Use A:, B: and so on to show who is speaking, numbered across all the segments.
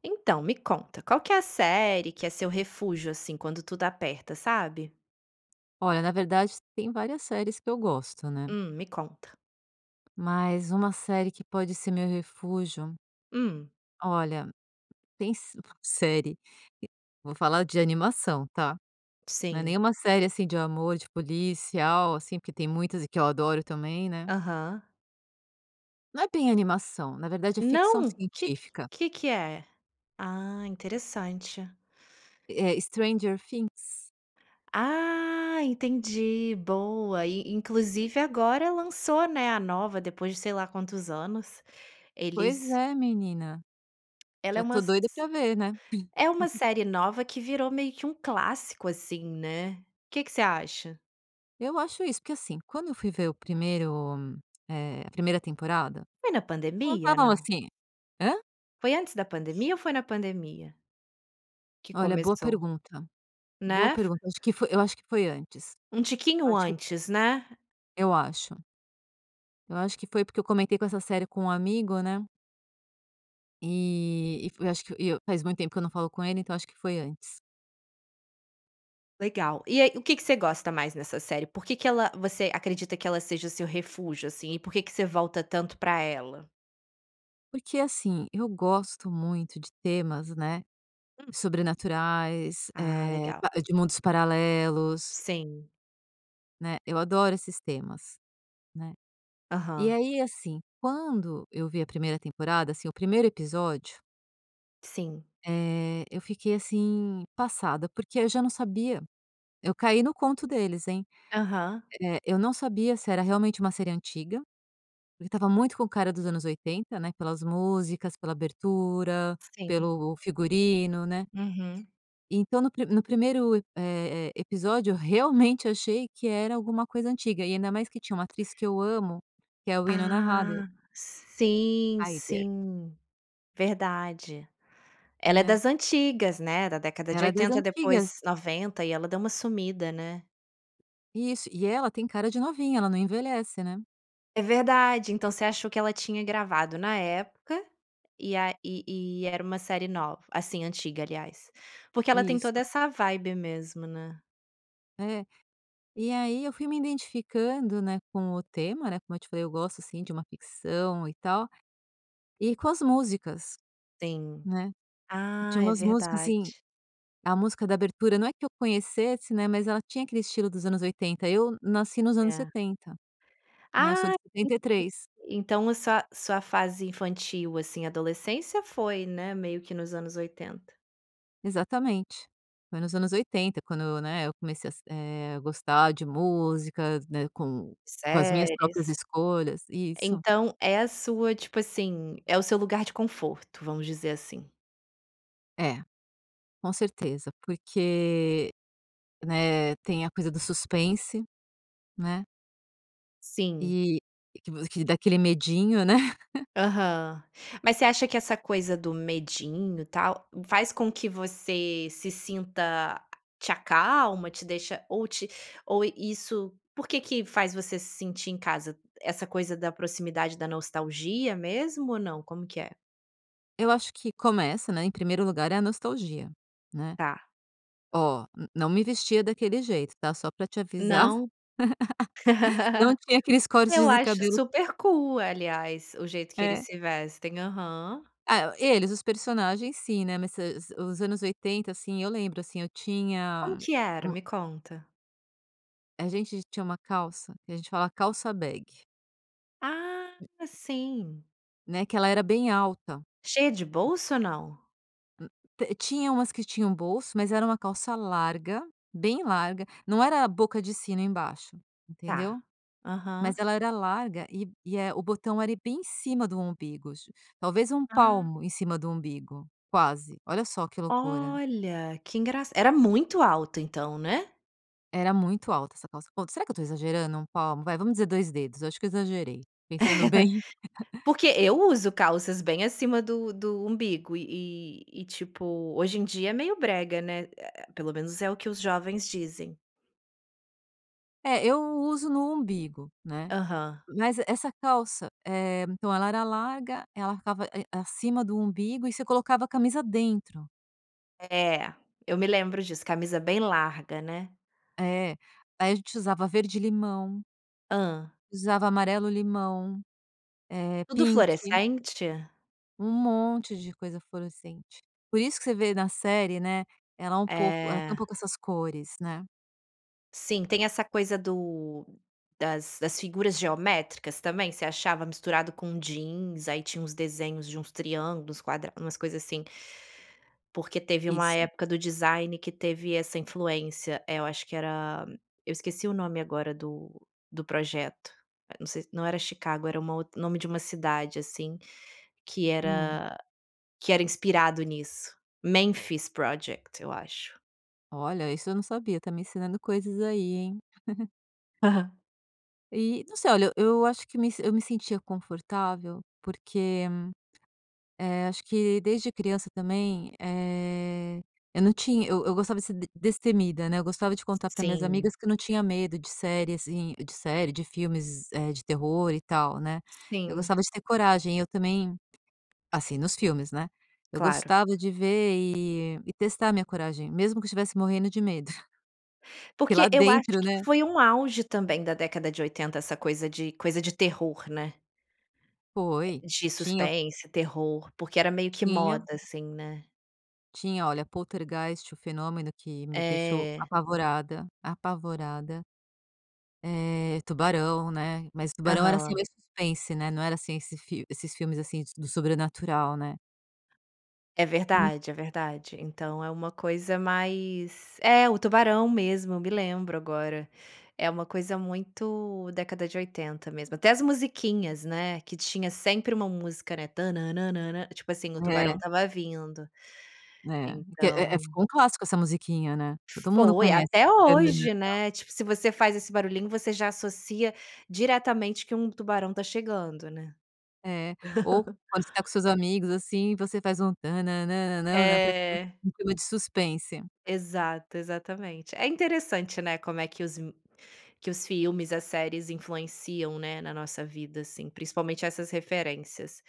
A: Então me conta, qual que é a série que é seu refúgio, assim, quando tudo aperta, sabe?
B: Olha, na verdade tem várias séries que eu gosto, né?
A: Hum, me conta.
B: Mas uma série que pode ser meu refúgio
A: Hum.
B: Olha, tem s bu série e vou falar de animação, tá? Não é
A: Sim.
B: nenhuma série assim de amor, de policial, assim porque tem muitas e que eu adoro também, né?
A: Aham.
B: Não é bem animação, na verdade é ficção
A: Não? Que que
B: científica.
A: que que é? Ah, interessante.
B: É Stranger Things.
A: Ah, entendi. Boa. E e inclusive agora lançou, né, a nova depois de sei lá quantos anos.
B: Pois
A: Eles
B: é, menina.
A: Ela
B: Já
A: é uma
B: tô
A: s
B: doida
A: s
B: pra ver, né?
A: é uma série nova que virou meio que um clássico, assim, né? Que que você acha?
B: Eu acho isso, porque, assim, quando eu fui ver o primeiro, eh, a primeira temporada,
A: É na pandemia,
B: contavam
A: não?
B: assim Hã?
A: Foi antes da pandemia ou foi na pandemia? Que
B: Olha, boa
A: começou.
B: pergunta. Boa
A: Né? Fo
B: pergunta acho que foi eu acho que foi antes.
A: Um
B: Eu
A: tiquinho
B: acho que p
A: antes, né?
B: Eu acho. Eu acho que foi, porque eu comentei com essa série com um amigo, né. E, e fo eu acho que e eu faz muito tempo que eu não falo com ele, então acho que foi antes.
A: Legal. E aí o que que você gosta mais nessa série? Por que que ela você acredita que ela seja o seu refúgio, assim? E por que que você volta tanto pra ela?
B: Porque assim, eu gosto muito de temas, né,
A: Hum.
B: sobrenaturais,
A: Ah,
B: eh,
A: legal.
B: pa de mundos paralelos.
A: Sim.
B: Né, eu adoro esses temas, né. E
A: Aham.
B: aí assim, quando eu vi a 1ª temporada, assim, o 1º episódio
A: Sim.
B: eh, eu fiquei assim, passada, porque aí eu já não sabia eu caí no conto deles, hein.
A: Aham.
B: Eh, eu não sabia se era realmente uma série antiga, porque estava muito com o cara dos anos 80, né, pelas músicas, pela abertura,
A: Sim.
B: pelo figurino, né.
A: Uhum.
B: Então no pri no 1º e eh eh, episódio, eu realmente achei que era alguma coisa antiga, e ainda mais que tinha uma atriz que eu amo, que é Winona Ryder.
A: Ah. Sim,
B: Ryder.
A: sim. Verdade. Ela é
B: Né.
A: das antigas, né, da década de
B: Ela é das
A: 80,
B: antigas.
A: depois 90, e ela deu uma sumida, né.
B: Isso, e ela tem cara de novinha, ela não envelhece, né.
A: É verdade. Então você achou que ela tinha gravado na época, e a e e era uma série nov assim, antiga, aliás? Porque ela tem
B: Nisso.
A: toda essa vibe mesmo, né.
B: É. E aí, eu fui me identificando, né, com o tema, né. Como eu te falei, eu gosto, assim, de uma ficção e tal, e com as músicas,
A: Tem.
B: né. Tinha
A: Ah, é
B: umas músicas assim,
A: verdade.
B: a música da abertura, não é que eu conhecesse, né, mas ela tinha aquele estilo dos anos 80. Eu nasci nos anos
A: É.
B: 70, né. Eu sou
A: Ah,,
B: de
A: [unintelligible]
B: 73.
A: então a sua sua fase infantil, assim, adolescência, foi, né, meio que nos anos 80.
B: Exatamente. Foi nos anos 80 quando, né, eu comecei a se eh, a gostar de músicas, né, com com as minhas
A: Séries.
B: próprias escolhas. Isso.
A: Então é a sua tipo assim, é o seu lugar de conforto, vamos dizer assim.
B: É, com certeza. Porque, né, tem a coisa do suspense, né?
A: Sim.
B: E que vo que dá aquele medinho, né?
A: Aham. Mas você acha que essa coisa do medinho, tal, faz com que você se sinta a te acalma, te deixa ou te ou isso por que que faz você se sentir em casa essa coisa da proximidade da nostalgia mesmo ou não, como que é?
B: Eu acho que começa, né, em primeiro lugar é a nostalgia, né,
A: Tá.
B: oh, n não me vestia daquele jeito, tá? Só pra te avisar.
A: Não.
B: Não tinha aqueles cortes
A: Eu
B: de
A: acho
B: cabelo
A: super cool aliás, o jeito que eles
B: É.
A: se vestem. Aham.
B: É. Eles, os personagens sim, né, mas se se os anos 80, assim, eu lembro, assim, eu
A: Como
B: tinha
A: que era?
B: um
A: Me conta.
B: a gente tinha uma calça que a gente fala: "Calça Bag".
A: Ah, sim.
B: Né, que ela era bem alta.
A: Cheia de bolso ou não?
B: Hum. T tinha umas que tinham bolso, mas era uma calça larga, bem larga, não era a boca de sino embaixo,
A: Tá.
B: entendeu, mas
A: Aham.
B: ela era larga e e, eh, o botão era bem em cima do umbigo tip Talvez um
A: Ah.
B: palmo em cima do umbigo, quase, olha só que loucura.
A: Olha, que engraç Era muito alto então, né?
B: Era muito alta essa calça. Ou será que eu estou exagerando? Um palmo vai, vamos dizer 2 dedos, eu acho que eu exagerei. Pensando bem
A: Porque eu uso calças bem acima do do umbigo e e e, tipo, hoje em dia é meio brega, né, eh eh, pelo menos é o que os jovens dizem.
B: É, eu uso no umbigo, né.
A: Aham.
B: Mas, essa calça, eh, então ela era larga, ela ficava e acima do umbigo, e você colocava a camisa dentro.
A: É. Eu me lembro disso, camisa bem larga, né.
B: É. Aí a gente usava verde-limão
A: Hã?
B: usava amarelo-limão, eh,
A: Tudo
B: pink.
A: fluorescente?
B: Um monte de coisa fluorescente. Por isso que você vê na série, né, ela é um pouco ela tem um
A: É.
B: pouco essas cores, né.
A: Sim, tem essa coisa do das das figuras geométricas também? Você achava misturado com jeans, aí tinha uns desenhos de uns triângulos, quadra umas coisa, assim. Porque teve uma
B: Isso.
A: época do design que teve essa influência eh, eu acho que era eu esqueci o nome agora do do projeto. Eh, não sei se não era Chicago, era uma outr nome de uma cidade, assim, que
B: Hum.
A: era que era inspirado nisso. Memphis Project, eu acho.
B: Olha, isso eu não sabia, tá me ensinando coisas aí, hein.
A: Aham.
B: E, não sei, olha, eu eu acho que me se eu me sentia confortável, porque, eh, acho que desde criança também, eh, eu não tinha eu eu gostava de ser d destemida, né, eu gostava de contar para as minhas
A: Sim.
B: amigas que eu não tinha medo de série, assim de série, de filmes, eh, de terror, e tal, né. Eu
A: Sim.
B: gostava de ter coragem, e eu também assim, nos filmes, né, eu
A: Claro.
B: gostava de ver e e testar a minha coragem, mesmo que eu estivesse morrendo de medo. Porque
A: Porque
B: lá
A: eu acho
B: dentro,
A: que
B: né
A: foi um auge também da década de 80, essa coisa de coisa de terror, né?
B: Foi.
A: De
B: Tinha o
A: suspense, terror, porque era meio que
B: Tinha
A: moda, assim, né?
B: Tinha, olha, Poltergeist: O Fenômeno, que me deixou
A: É.
B: apavorada, apavorada. Eh, Tubarão, né, mas Tubarão era, assim,
A: Aham.
B: meio suspense, né, não era assim esse fil esses filmes, assim, d do sobrenatural, né.
A: É
B: En
A: verdade, é verdade. Então é uma coisa mais é, o Tubarão mesmo, eu me lembro agora. É uma coisa muito década de 80 mesmo. Até as musiquinhas, né, que tinha sempre uma música, né, "tana nan nan", tipo assim, o tubarão
B: É.
A: estava vindo.
B: Né que é é,
A: Então
B: ficou um clássico essa musiquinha, né. Todo mundo
A: Foi,
B: conhece
A: até
B: "tan nan nan
A: hoje,
B: nan".
A: né, tipo, se você faz esse barulhinho, você já associa diretamente que um tubarão tá chegando, né.
B: É. Ou quando você tá com seus amigos, assim, você faz um "tan nan nan nan", pra ficar
A: É.
B: em clima de suspense.
A: Exato, exatamente. É interessante, né, como é que os me que os filmes, as séries influenciam, né, na nossa vida, assim, principalmente essas referências.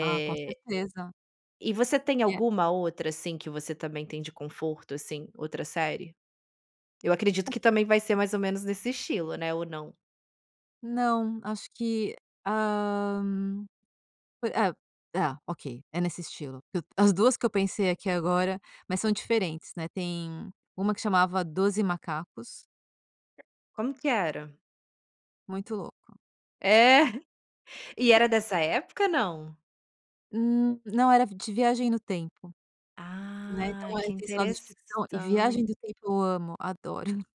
B: Ah, com certeza.
A: E você tem
B: E é
A: alguma outra, assim, que você também tem de conforto, assim, outra série? Eu acredito que também vai ser mais ou menos nesse estilo, né, ou não?
B: Não, acho que, hã, po é é ok, é nesse estilo. Que as 2 que eu pensei aqui agora, mas são diferentes, né, tem uma que chamava "12 Macacos".
A: Como que era?
B: Muito louco.
A: É. E era dessa época, não?
B: Hum, não, era de viagem no tempo. Né,
A: Ah,
B: então, eh,
A: que
B: tem esse lado de ficção e
A: interessan
B: viagem do tempo eu amo. Adoro.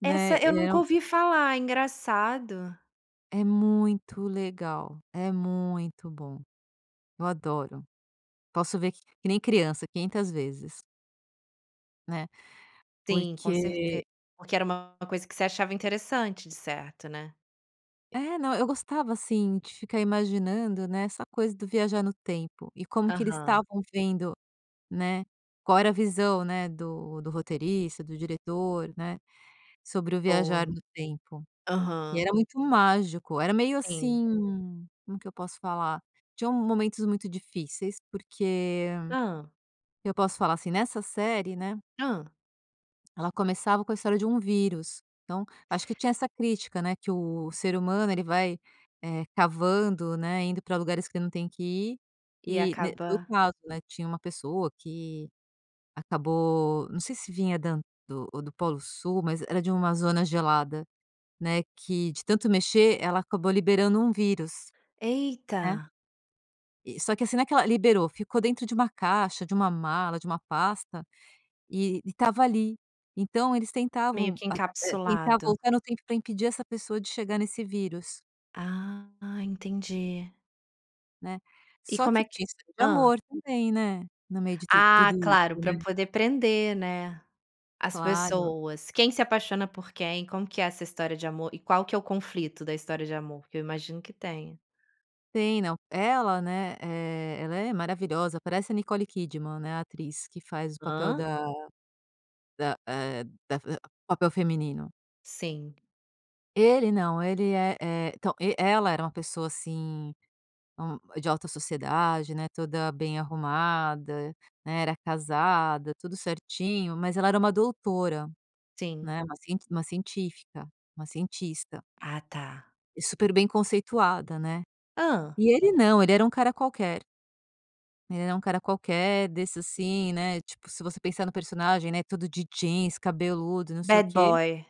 B: Né?
A: Essa eu
B: Eh
A: nunca ouvi falar. Engraçado.
B: É muito legal. É muito bom. Eu adoro. Posso ver que que nem criança 500 vezes. Né?
A: Sim, com certe
B: Porque
A: porque era uma coisa que você achava interessante, de certo, né?
B: É, não, eu gostava assim de ficar imaginando, né, essa coisa do viajar no tempo e como que eles
A: Aham.
B: estavam vendo, né, qual era a visão, né, do do roteirista, do diretor, né, sobre o viajar
A: Boa.
B: no tempo. E
A: Aham.
B: era muito mágico. Era meio
A: Sim.
B: assim, como que eu posso falar? Tinham momentos muito difíceis porque,
A: Hã.
B: eu posso falar, assim, nessa série, né
A: Hã.
B: ela começava com a história de um vírus, então, acho que tinha essa crítica, né, que o ser humano ele vai, eh, cavando, né, indo pra lugares que não tem que ir.
A: E
B: Eh, ne no
A: acaba
B: caso, né, tinha uma pessoa que, acabou, não sei se vinha da an ou do Polo Sul mas era de uma zona gelada, né, que de tanto mexer, ela acabou liberando um vírus. Né?
A: Eita.
B: eh, só que assim naquela liberou ficou dentro de uma caixa, de uma mala, de uma pasta e e estava ali. Então eles
A: Meio
B: tentavam
A: que
B: [unintelligible] tentar
A: encapsulado.
B: voltar no tempo pra impedir essa pessoa de chegar nesse vírus.
A: Ah, entendi.
B: Né.
A: E
B: Só
A: como
B: que
A: é que
B: tinha história de
A: hã.
B: amor também, né? No meio de tu tudo
A: Ah, claro,
B: isso,
A: pra
B: né?
A: poder prender, né? As
B: Claro.
A: pessoas. Quem se apaixona por quem? Como que é essa história de amor? E qual que é o conflito da história de amor? Que eu imagino que tenha.
B: Tem, não, ela né, eh, ela é maravilhosa, parece a Nicole Kidman, né, a atriz que faz o papel
A: Hã?
B: da da, eh, da f eh, papel feminino.
A: Sim.
B: Ele, não. Ele é é então, e ela era uma pessoa, assim, hum, de alta sociedade, né, toda bem arrumada, né, era casada, tudo certinho. Mas ela era uma doutora,
A: Sim.
B: né, uma cient uma científica uma cientista.
A: Ah, tá.
B: E super bem conceituada, né.
A: Hã.
B: E ele não, ele era um cara qualquer. Ele era um cara qualquer, desse, assim, né, tipo, se você pensar no personagem, né, todo de jeans, cabeludo e não sei o
A: Bad
B: quê.
A: boy.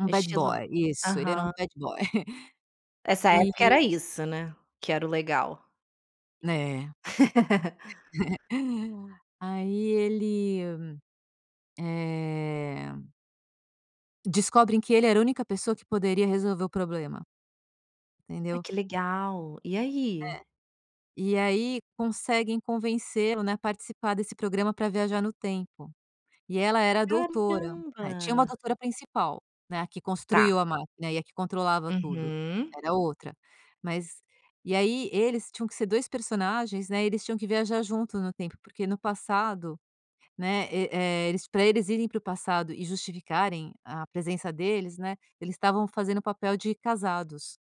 B: Um bad
A: Estilo
B: boy, isso, ele era um
A: aham.
B: bad boy.
A: Essa
B: E
A: época era isso, né, que era o legal.
B: Né. Aí, ele, eh Descobrem que ele era a única pessoa que poderia resolver o problema.
A: Ai,
B: Entendeu?
A: que legal! E
B: É.
A: aí?
B: E, aí, conseguem convencê-lo, né, a participar desse programa pra viajar no tempo. E ela era a doutora. Né, tinha uma
A: Caramba!
B: doutora principal, né, a que
A: Tá.
B: construiu a máquina e a que controlava tudo,
A: Uhum.
B: era outra. Mas e aí eles tinham que ser dois personagens, né, eles tinham que viajar junto no tempo. Porque no passado, né, e, eh, eles pra eles irem para o passado e justificarem a presença deles, né, eles estavam fazendo o papel de casados,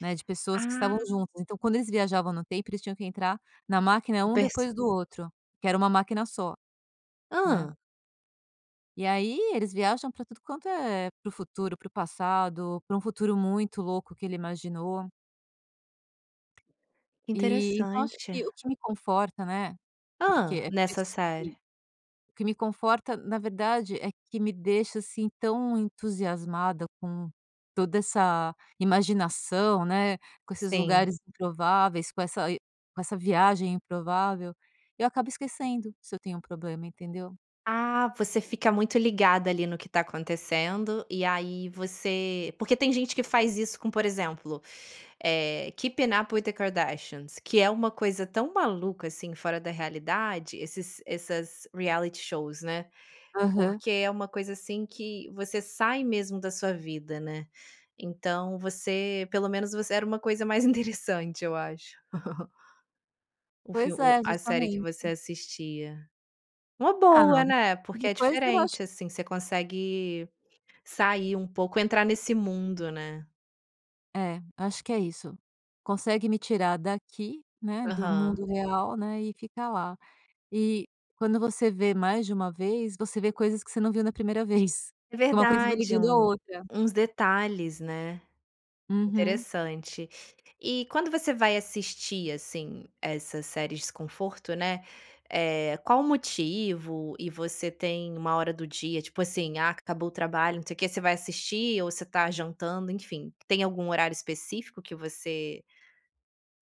B: né, de pessoas que estavam
A: Ah.
B: juntas. Então quando eles viajavam no tempo, eles tinham que entrar na máquina
A: O
B: um
A: perso
B: depois do outro, que era uma máquina só, né.
A: Hã.
B: E aí, eles viajam pra tudo quanto é pro futuro, pro passado, para um futuro muito louco que ele imaginou.
A: Que
B: Eh, então acho
A: interessante.
B: que o que me conforta, né? Porque
A: Hã.
B: é por
A: Nessa
B: isso que
A: série.
B: o que me conforta, na verdade, é que me deixa, assim, tão entusiasmada com toda essa imaginação, né, com esses
A: Sim.
B: lugares improváveis, com essa e com essa viagem improvável. Eu acabo esquecendo se eu tenho problema, entendeu?
A: Ah, você fica muito ligada, ali, no que está acontecendo e aí você Porque tem gente que faz isso com, por exemplo, eh, Keep Up with the Kardashians, que é uma coisa tão maluca, assim, fora da realidade esses essas reality shows, né.
B: Aham.
A: Porque é uma coisa, assim, que você sai mesmo da sua vida, né. Então, você pelo menos você era uma coisa mais interessante eu acho. Um fil
B: Pois
A: o
B: é,
A: a série que
B: justamente.
A: você assistia. Uma
B: Ah,
A: boa,
B: nada
A: né,
B: e
A: porque é
B: depois eu acho
A: diferente,
B: que
A: assim, você consegue sair um pouco entrar nesse mundo, né?
B: É, acho que é isso. Consegue me tirar daqui, né, do
A: Aham.
B: mundo real, né, e ficar lá. E, quando você vê mais de 1 vez, você vê coisas que você não viu na 1ª vez.
A: É
B: Que uma coisa vai
A: verdade!
B: ligando a
A: Um
B: outra.
A: uns detalhes, né?
B: Uhum
A: Interessante. E quando você vai assistir, assim, essas séries conforto, né, eh, qual o motivo e você tem uma hora do dia, tipo assim: "Ah, acabou o trabalho, não sei o que", você vai assistir ou você está jantando, enfim. Tem algum horário específico que você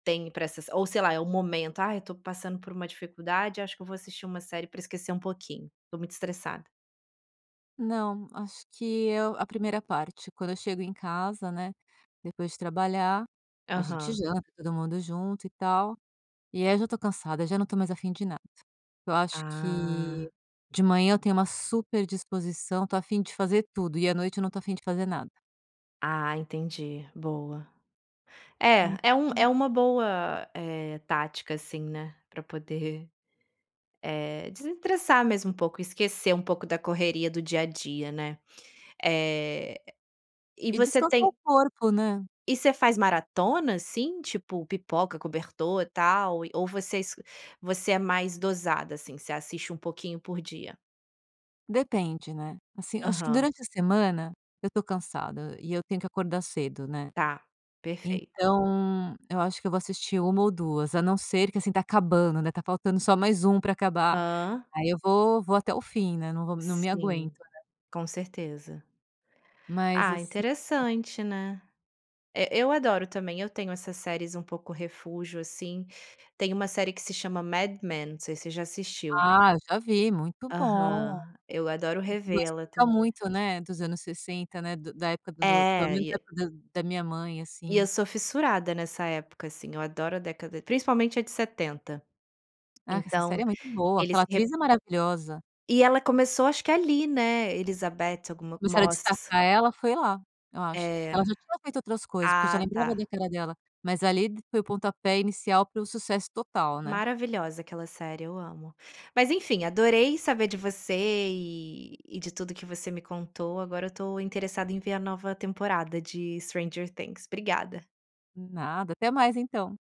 A: tem pra essas ou sei lá, é o momento? "Ah, eu tô passando por uma dificuldade, acho que eu vou assistir uma série pra esquecer um pouquinho, tô muito estressada".
B: Não, acho que eu A 1ª parte, quando eu chego em casa, né, depois de trabalhar, a gente
A: Aham.
B: janta todo mundo junto, e tal. E aí, eu já tô cansada, já não estou mais afim de nada. Eu acho que,
A: Ah.
B: de manhã eu tenho uma super disposição, estou a fim de fazer tudo. E à noite eu não estou a fim de fazer nada.
A: Ah, entendi, boa. É, é um é
B: [unintelligible]
A: uma boa, eh, tática, assim, né, pra poder, eh, desestressar mesmo um pouco, esquecer um pouco da correria do dia a dia, né. Eh, e
B: E
A: você
B: descansar o
A: tem
B: corpo, né.
A: E você faz maratonas, assim, tipo pipoca, cobertor e tal. E, ou você es você é mais dosada, assim, você assiste um pouquinho por dia?
B: Depende, né. Assim, eu acho que
A: Aham.
B: durante a semana eu tô cansada e eu tenho que acordar cedo, né?
A: Tá, perfeito.
B: Então, eu acho que eu vou assistir 1 ou 2, a não ser que, assim, tá acabando, né, tá faltando só mais 1 pra acabar.
A: Hã.
B: Aí, eu vou vou até o fim, né. Não vou m não me aguento,
A: Sim.
B: né?
A: Com certeza.
B: Mas,
A: Ah,
B: assi
A: interessante, né? E eu adoro também, eu tenho essas séries um pouco refúgio, assim. Tem 1 série que se chama Mad Men, não sei se você já assistiu.
B: Ah! Eu já vi, muito bom.
A: Aham. Eu adoro
B: Não,
A: revê-la
B: explica
A: também.
B: muito, né, dos anos 60, né, do da época do do pelo
A: É,
B: menos
A: e
B: da
A: a
B: da minha mãe,
A: E eu
B: assim.
A: sou fissurada nessa época, assim, eu adoro a década principalmente a de 70.
B: Ah, que essa
A: Então,
B: série é muito boa.
A: eles
B: Aquela
A: re
B: atriz é maravilhosa.
A: E ela começou acho que ali, né? Elisabeth alguma
B: Começaram a
A: Moss.
B: destacar ela foi lá, eu acho.
A: É.
B: Ela já tinha feito outras coisas, porque eu já
A: Ah,
B: lembrava
A: tá.
B: da cara dela, mas ali d foi o pontapé inicial para o sucesso total, né?
A: Maravilhosa aquela série, eu amo. Mas, enfim, adorei saber de você e e de tudo o que você me contou, agora eu tô interessada em ver a nova temporada de Stranger Things. Obrigada.
B: Nada. Até mais, então.